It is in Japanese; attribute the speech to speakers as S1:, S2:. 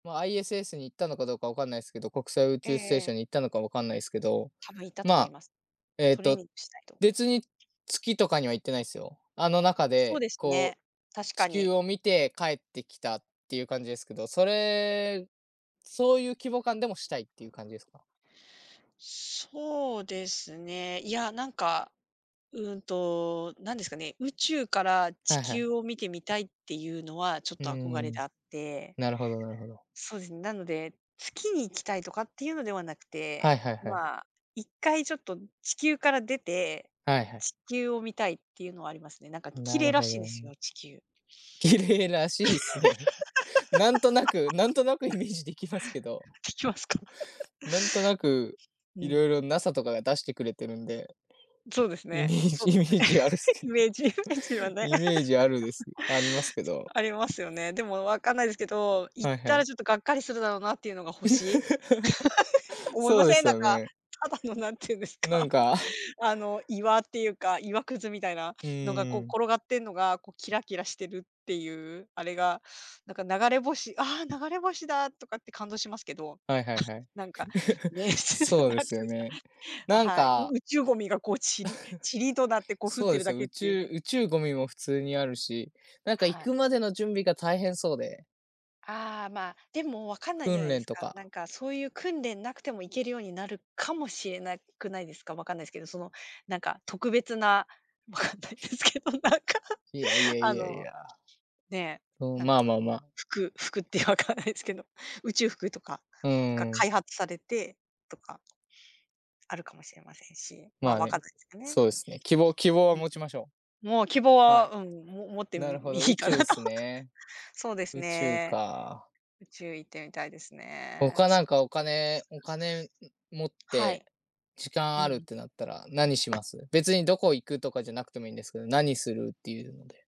S1: まあ ISS に行ったのかどうか分かんないすけど、国際宇
S2: ええ
S1: 宙ステー
S2: え
S1: ショ
S2: え。
S1: ンに行ったのか分かんないすけど、
S2: 多分行ったと
S1: ま
S2: 思い
S1: あ、
S2: ます。
S1: えっ
S2: トレー
S1: と
S2: ニングしないと。
S1: 別に月とかには行ってないっすよ。あの中
S2: そう
S1: で
S2: です
S1: こ
S2: ね、
S1: う
S2: 確
S1: 地
S2: か
S1: 球
S2: に。
S1: を見て帰ってきたっていう感じですけど、それそういう規模感でもしたいっていう感じですか？
S2: そうですね、いや、なんか、うんと、何ですかね、宇宙から地
S1: はいはい。
S2: 球を見てみたいっていうのはちょっ
S1: うー
S2: と憧れで
S1: ん。
S2: あって、
S1: なるほどなるほど。
S2: そうですね。なので、月に行きたいとかっていうのではなく
S1: はい
S2: て、
S1: はいはい。
S2: まあ、一回ちょっと地球から出て、
S1: はいはい。
S2: 地球を見たいっていうのはありますね。なんか
S1: ん、
S2: 綺
S1: な
S2: 麗
S1: る
S2: ら
S1: ほ
S2: しいんで
S1: ど
S2: す
S1: ね。
S2: よ、地球。
S1: 綺麗らしいっすね。なんとなくなんとなくイ メージできますけど、
S2: ききますか？
S1: うなんとなく、
S2: う
S1: 色
S2: ん。
S1: 々 NASA とかが出してくれてるんで、
S2: そうです
S1: イメ
S2: ね
S1: ー
S2: そ
S1: ジ
S2: うで
S1: イメ
S2: すね。
S1: ージあるす け
S2: イメージね
S1: ど、
S2: ちはね。
S1: イメージあるです、ありますけ
S2: つ
S1: ど。
S2: ありますよね。でも分かんないですけど、行っ
S1: はいは
S2: たら
S1: い。
S2: ちょっとがっかりするだろなっていうのが星？思い
S1: そ
S2: ま
S1: うで
S2: せん？
S1: す
S2: なん
S1: よ
S2: か、
S1: ね。
S2: ただの何て言うんです
S1: な
S2: か、
S1: んか、う
S2: あの岩っていうか、岩くずみたいな
S1: う
S2: のが
S1: ー
S2: こう
S1: ん。
S2: 転がってんのが、こうキラキラしてるっていう、あれがなんか、流れ星「ああ流れ星だ」とかって感動しますけど、
S1: はいはいはい、
S2: なんか ね、
S1: そうで
S2: なん
S1: す
S2: てい
S1: よ
S2: うすか
S1: ね。
S2: あ、
S1: なん
S2: はい、
S1: か
S2: う宇宙ゴミがこうちりちりとな ってこう降っ
S1: そう
S2: て
S1: で
S2: る
S1: す
S2: だ
S1: よ、
S2: け
S1: 宇
S2: っていう
S1: 宙
S2: ね。
S1: 宇宙ゴミも普通にあるし、なんか
S2: は
S1: 行
S2: い。
S1: くまでの準備が大変そうで。
S2: ああ、まあ、でもわかんないじゃ
S1: 訓
S2: ないで
S1: 練
S2: す
S1: と
S2: か。な
S1: か。
S2: んかそういう訓練なくても行けるようになるかもしれなくないですか？わかんないすけど、そのなんか特別な、わかんないですけど、なんか。
S1: いやい や
S2: あ
S1: いやい
S2: の、
S1: や。
S2: ね、
S1: うん、
S2: なん
S1: まあ
S2: か、
S1: まあまあ。
S2: 服服って分かんないですけど、宇宙服とか
S1: う
S2: が
S1: ー
S2: 開
S1: ん。
S2: 発されて、とか、あるかもしれませんし、ま
S1: ま
S2: あ
S1: あ
S2: 分か
S1: ね、
S2: んないすかね。
S1: そうですね、希望希望は
S2: うん、
S1: 持ちましょ
S2: もう希望
S1: う。は
S2: は、
S1: い、
S2: うん、も持って、
S1: なる
S2: ん、
S1: ほ
S2: み
S1: ど、
S2: い
S1: 宇
S2: いかな
S1: 宙っ
S2: と。
S1: す ね。
S2: そうです
S1: 宇宙
S2: ね。
S1: か。
S2: 宇宙行ってみたいですね。
S1: 他な
S2: そ
S1: ん
S2: うで
S1: か
S2: すね。
S1: お金お金、ん、持っ
S2: [unintelligible] は
S1: て、
S2: い。
S1: 時間
S2: う
S1: あるっ
S2: ん。
S1: てなったら、何します？別にどこ行くとかじゃなくてもいいんですけど、何するっていうので。